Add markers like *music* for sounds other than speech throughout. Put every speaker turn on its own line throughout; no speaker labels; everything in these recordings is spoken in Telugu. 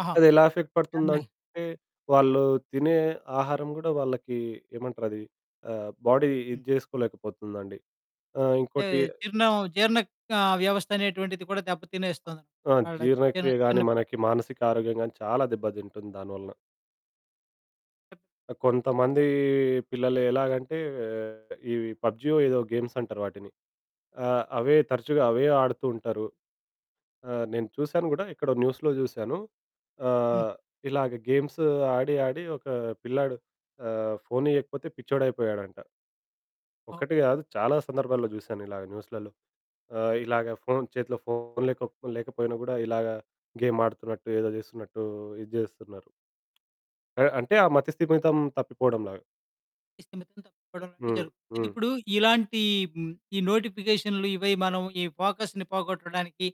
ఆహా!
అదెలా ఎఫెక్ట్
ఇయన్నీ.
పడుతుందంటే, వాళ్ళూ తినే ఆహారం గూడా వాళ్ళకీ ఏమంటరది, ఆహ్, బాడీ
హ్మ్.
ఇది జేసుకోలేకపోతుందండి. ఆహ్,
అంటే
ఇంకోటి
జీర్ణం జీర్ణక్ ఆహ్, వ్యవస్థనేటువంటిది కూడా దెబ్బ
అ
తినేస్తోంద?
ఆ!
ఆడ తిన
జీర్ణక్రియ గానీ,
చినప్
మనకి మానసిక ఆరోగ్యం గానీ, చాలా దెబ్బదింటుంది దాని వలన. ఆ! కొంతమందీ పిల్లలు ఎలాగంటే, ఆహ్, ఇవి పబ్జీయో ఏదో గేమ్సంటరు వాటిని. ఆ! అవే తరచుగా అవే ఆడుతూ ఉంటరు. ఆ! నేను చూశాను గూడా ఎక్కడో న్యూస్‌లో జూశాను.
హ్మ్.
ఆహ్, ఇలాగ గేమ్స్ ఆడి, ఆడి ఒకా పిల్లాడు ఆహ్, ఫోనియ్యకపోతే పిచ్చోడయిపోయాడంట.
అవు
ఒక్కటి గాదు, చాలా సందర్భాల్లో జూశానిలాగ న్యూసులలో. ఆహ్, ఇలాగ ఫోను చేతిలో ఫోను లేకపో లేకపోయినా గూడా, ఇలాగా గేమాడుతున్నట్టు, ఏదో జేస్తున్నట్టూ ఇది జేస్తన్నారు. అ అంటే, ఆ మతిస్థిమితం తప్పిపోవడంలాగా.
స్థిమితం తప్పిపోడంలాంటియి
హ్మ్.
జరుగుతుంది. అయితె,
హ్మ్.
ఇప్పుడూ ఇలాంటీ హ్మ్, ఈ నోటిఫికేషన్లు, ఇవి, మనం ఈ ఫోకస్‌ని పోగొట్టడానికి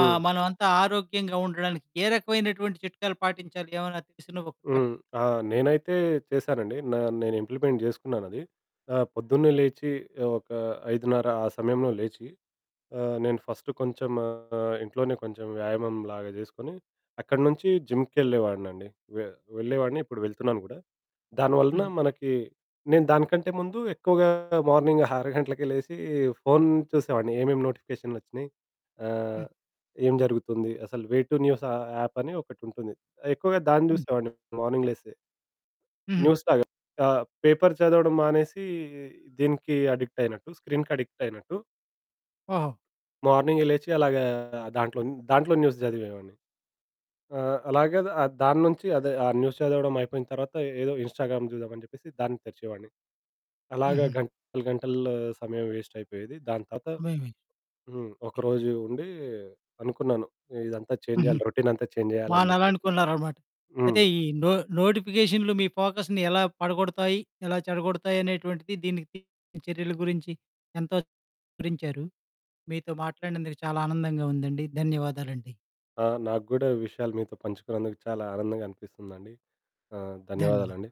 ఆహ్, మనవంతా ఆరోగ్యంగా ఉండడానికి ఏ రకమైనటువంటి చిట్కాలు పాటించాలి ఏవన్నా తెలిసిన ఒకటి చెప్పండి.
హ్మ్. ఆ! నేనైతే చేశానండి. నా నేనింప్లిమెంట్ జేసుకున్నానది. ఆహ్, పొద్దున్నే లేచీ ఆహ్, ఒకా 5:30 ఆ సమయంలో లేచి, ఆహ్, నేను ఫస్ట్ కొంచెం ఆహ్, ఇంట్లోనే కొంచెం వ్యాయామంలాగా జేసుకొని, అక్కడి నుంచీ జిమ్‌కెళ్ళే వాడినండి. వె వెళ్ళేవాడిని, ఇప్పుడు వెళ్తున్నాను గూడా. దాని వలనా
హుహు.
మనకీ నేను దానికంటే ముందు ఎక్కువగా మార్నింగ్ *giggles* 6 గంటలకే లేసీ, ఫోను చూసేవాడిని ఏమేం నోటిఫికేషన్లొచ్చినయి, ఆహ్,
హ్మ్.
ఏం జరుగుతుంది, అసలు వే టు న్యూస్ ఆహ్, యాప్పని ఒకటుంటుంది. ఆహ్, ఎక్కువగా దాన్ని
హ్మ్.
జూసేవాడిని మార్నింగ్ లేసి.
హుహు.
న్యూస్‌లాగ. ఆహ్, పేపర్ చదవడం మానేసీ, దీనికి అడిక్టయినట్టు, స్క్రీన్‌కడిక్టయినట్టు.
ఓహో!
మార్నింగే లేచి అలాగా దాంట్లోన్ దాంట్లోని న్యూస్ జదివేవాడిని. ఆ! అలాగే ద ఆహ్, దాని నుంచి అదే, ఆ న్యూస్ చదవడమయిపోయిన తర్వాత, ఏదో ఇన్స్‌స్టాగ్రామ్ జూద్దామని జెప్పేసి దాన్ని తెరిచేవాడిని. అలాగ
హుహు.
గంటలు గంటల్ల సమయం వేస్టయిపోయేది. దాని తర్వాత
భయమే.
హ్మ్. ఒక రోజూ ఉండీ అనుకున్నాను, ఏ ఇదంతా చేంజ్
హుహు.
జెయ్యాలి, రొటీనంతా చేంజ్ జెయ్యాలని జెప్పేసి.
మానాలనుకున్నారనమాట.
హ్మ్.
అయితే, ఈ నో నోటిఫికేషన్లు మీ ఫోకస్‌ని ఎలా పడగొడతాయి, ఎలా చెడగొడతాయనేటువంటిది, దీనికి తగిన చర్యల గురించి ఎంతో వివరించారు. మీతో మాట్లాడినందుకు చాలా ఆనందంగా ఉందండి. ధన్యవాదాలండి.
ఆ! నాకు గూడా ఈ విషయాలు మీతో పంచుకున్నందుకు చాలా ఆనందంగా అనిపిస్తుందండి. ఆహ్,
ధన్యవా
ధన్యవాదాలండి.